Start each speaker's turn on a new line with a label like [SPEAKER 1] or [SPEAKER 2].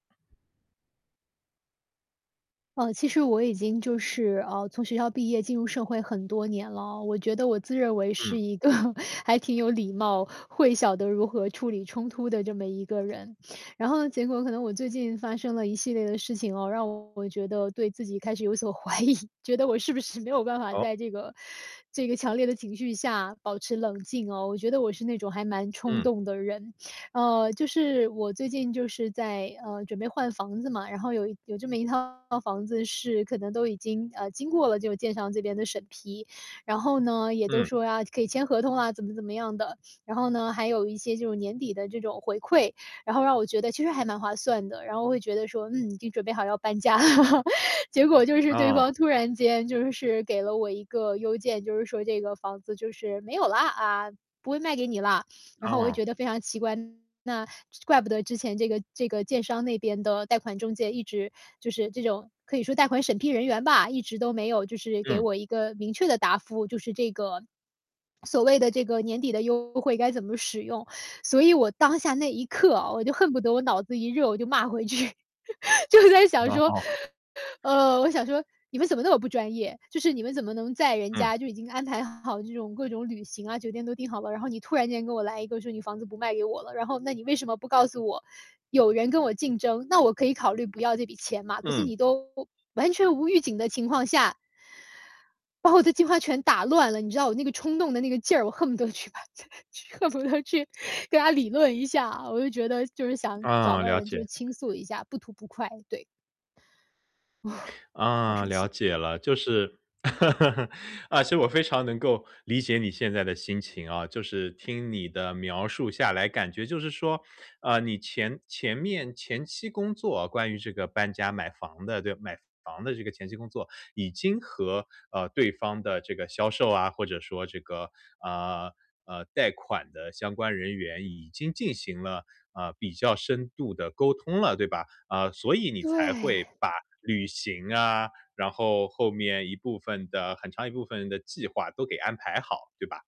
[SPEAKER 1] 呃，其实我已经就是，呃，从学校毕业进入社会很多年了哦，我觉得我自认为是
[SPEAKER 2] 嗯。
[SPEAKER 1] 一个还挺有礼貌，会晓得如何处理冲突的这么一个人。然后呢，结果可能我最近发生了一系列的事情啊，让我觉得对自己开始有所怀疑，觉得我是不是没有办法
[SPEAKER 2] 哦？
[SPEAKER 1] 在这个这个强烈的情绪下保持冷静啊，我觉得我是那种还蛮冲
[SPEAKER 2] 嗯。
[SPEAKER 1] 动的人。呃，就是我最近就是在，呃，准备换房子嘛，然后有有这么一套房子是可能都已经呃，经过了这个建商这边的审批。然后呢，也都
[SPEAKER 2] 嗯。
[SPEAKER 1] 说呀，可以签合同啊，怎么怎么样的。然后呢还有一些就是年底的这种回馈，然后让我觉得其实还蛮划算的，然后会觉得说：“嗯，已经准备好要搬家了。” 结果就是对
[SPEAKER 2] 啊。
[SPEAKER 1] 方突然间就是给了我一个邮件，就是说：“这个房子就是没有啦，不会卖给你啦。”然后我就
[SPEAKER 2] 哦。
[SPEAKER 1] 觉得非常奇怪，那怪不得之前这个这个建商那边的贷款中介，一直就是这种可以说贷款审批人员吧，一直都没有就是给
[SPEAKER 2] 嗯。
[SPEAKER 1] 我一个明确的答复，就是这个 所谓的这个年底的优惠该怎么使用？所以我当下那一刻啊，我就恨不得我脑子一热，我就骂回去，就是在想说，
[SPEAKER 2] 哦。
[SPEAKER 1] 呃，我想说：“你们怎么那么不专业？”就是你们怎么能在人
[SPEAKER 2] 嗯。
[SPEAKER 1] 家就已经安排好这种各种旅行啊，酒店都订好了。然后你突然间给我来一个说你房子不卖给我了，然后那你为什么不告诉我，有人跟我竞争，那我可以考虑不要这笔钱吗？可是
[SPEAKER 2] 嗯。
[SPEAKER 1] 你都完全无预警的情况下，把我的计划全打乱了，你知道我那个冲动的那个劲儿，我恨不得去把他去恨不得去跟他理论一下。我就觉得就是想找
[SPEAKER 2] 啊，
[SPEAKER 1] 个
[SPEAKER 2] 了
[SPEAKER 1] 人就
[SPEAKER 2] 解。
[SPEAKER 1] 倾诉一下，不吐不快，对。好
[SPEAKER 2] 啊，
[SPEAKER 1] 生
[SPEAKER 2] 了
[SPEAKER 1] 气。
[SPEAKER 2] 解了，就是，啊，其实我非常能够理解你现在的心情啊。就是听你的描述下来，感觉就是说，啊，你前前面前期工作，关于这个搬家买房的这买房的这个前期工作，已经和，呃，对方的这个销售啊，或者说这个，啊，啊，贷款的相关人员已经进行了，啊，比较深度的沟通了，对吧？啊，所以你才会
[SPEAKER 1] 对。
[SPEAKER 2] 把旅行啊，然后后面一部分的很长一部分的计划都给安排好，对吧？